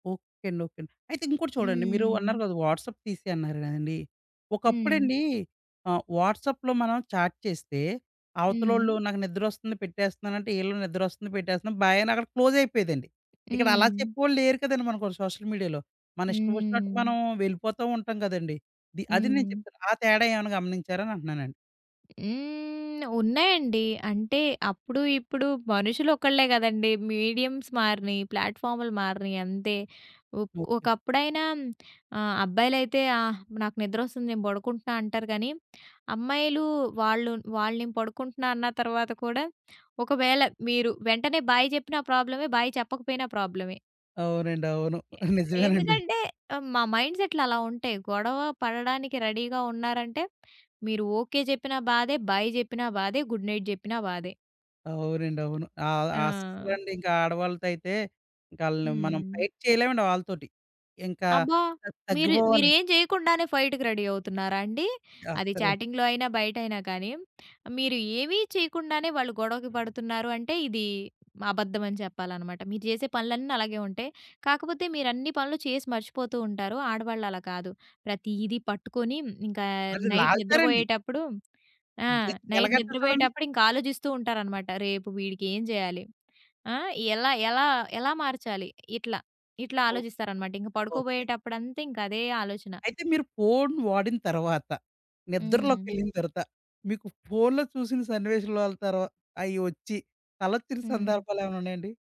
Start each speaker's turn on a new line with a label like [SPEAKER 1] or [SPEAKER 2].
[SPEAKER 1] Okay. అండి. Okay. అండి. అయితే ఇంకోటి చూడండి. మీరు అన్నారు
[SPEAKER 2] హ్మ్.
[SPEAKER 1] కదా! వాట్సాప్ తీసి అన్నారు కదండీ!
[SPEAKER 2] హ్మ్.
[SPEAKER 1] ఒకప్పుడండి ఆహ్, వాట్సాప్‌లో మనం చాట్ చేస్తే, అవతలోళ్ళు
[SPEAKER 2] హ్మ్.
[SPEAKER 1] నాకు నిద్రొస్తుంది పెట్టేస్తున్నానంటే, ఈళ్ళు నిద్రొస్తుంది పెట్టేస్తున్నాను బాయ్ అని అక్కడకి క్లోజ్ అయిపోయేదండి. ఇక్కడలా
[SPEAKER 2] హ్మ్.
[SPEAKER 1] చెప్పేవాళ్ళు లేరు కదండీ! మనకు సోషల్ మీడియాలో. మన ఇష్టం ఒచ్చినట్టు
[SPEAKER 2] హ్మ్.
[SPEAKER 1] మనం వెళ్ళిపోతూ ఉంటాం కదండీ! ది అది నేను
[SPEAKER 2] హ్మ్.
[SPEAKER 1] చెప్తున్నా. ఆ తేడా ఏమైనా గమనించారా? అనంటన్నానండి.
[SPEAKER 2] హ్మ్. ఉన్నాయండి. అంటే అప్పుడు ఇప్పుడు మనుషులు ఒకళ్ళే కదండీ! మీడియమ్స్ మారినియి. ప్లాట్‌ఫామ్‌లు మారినియి, అంతే. ఒక్
[SPEAKER 1] ఓకే.
[SPEAKER 2] ఒకప్పుడైనా ఆహ్, అబ్బాయిలైతే, ఆహ్, నాకు నిద్రొస్తుంది. నేను బడుకుంటున్నా, అంటారు కానీ అమ్మాయిలు వాళ్ళు వాళ్ళు నే పడుకుంటున్నా అన్న తర్వాత కూడా, ఒకవేళ మీరు వెంటనే బాయ్! చెప్పిన ప్రాబ్లమే బాయ్! చెప్పకపోయినా ప్రాబ్లమే.
[SPEAKER 1] అవునండి. అవును. నిజమేనండి.
[SPEAKER 2] ఎందుకంటే ఆహ్, మా మైండ్‌సెట్లు అలా ఉంటాయి. గొడవ పడడానికి రెడీ‌గా ఉన్నారంటే, మీరు ఓకే చెప్పినా బాధే, బాయ్ చెప్పినా బాధే, గుడ్ నైట్ జెప్పినా బాధే.
[SPEAKER 1] అవునండి. అవును. ఆహ్,
[SPEAKER 2] ఆ!
[SPEAKER 1] అస్సలండి. ఇంకా ఆడవాళ్ళతో అయితే ఇంకాళ్ళని మనం
[SPEAKER 2] హ్మ్.
[SPEAKER 1] ఫైట్ చేయలేమండి వాళ్ళతోటి. ఇంకా
[SPEAKER 2] అబ్బా!
[SPEAKER 1] తగ్
[SPEAKER 2] మీరు
[SPEAKER 1] తగ్గిపోవాలి.
[SPEAKER 2] మీరేం చేయకుండానే ఫైట్‌కి రెడీ అవుతున్నారా అండి? అది
[SPEAKER 1] అస్సలు
[SPEAKER 2] చాటింగ్‌లో అయినా బయటైనా కానీ. మీరు ఏమి చేయకుండానే, వాళ్ళు గొడవకి పడుతున్నారు అంటే ఇది అబద్ధం అని చెప్పాలనమాట. మీరు చేసే పనులన్ని అలాగే ఉంటాయి. కాకపోతే మీరు అన్ని పనులు చేసి మర్చిపోతూ ఉంటారు. ఆడవాళ్ళలా కాదు. ప్రతీది పట్టుకొని, ఇంకా
[SPEAKER 1] వాళ్లు
[SPEAKER 2] నైట్
[SPEAKER 1] లాగుతారండి.
[SPEAKER 2] నిద్రపోయేటప్పుడు ఆ!
[SPEAKER 1] జె
[SPEAKER 2] నైట్
[SPEAKER 1] జెలాగంటరు చూడండి.
[SPEAKER 2] నిద్రపోయేటప్పుడు ఇంకా ఆలోచిస్తూ ఉంటారనమాట. రేపు వీడికేం చేయాలి, ఆ! ఎలా, ఎలా, ఎలా మార్చాలి, ఇట్లా, ఇట్లా
[SPEAKER 1] ఓహ్!
[SPEAKER 2] ఆలోచిస్తారన్నమాట. ఇంక
[SPEAKER 1] ఓకే.
[SPEAKER 2] పడుకోబోయేటప్పుడంతింక అదే ఆలోచన.
[SPEAKER 1] అయితే మీరు ఫోను వాడిన తర్వాత,
[SPEAKER 2] హ్మ్.
[SPEAKER 1] నిద్రలోకెళ్ళిన తర్వాత, మీకు ఫోనులో చూసిన సన్నివేశాలు అలా తర్వా అయ్యి ఒచ్చి కలొచ్చిన
[SPEAKER 2] హ్మ్.
[SPEAKER 1] సందర్భాలేమైనా ఉన్నాయండి?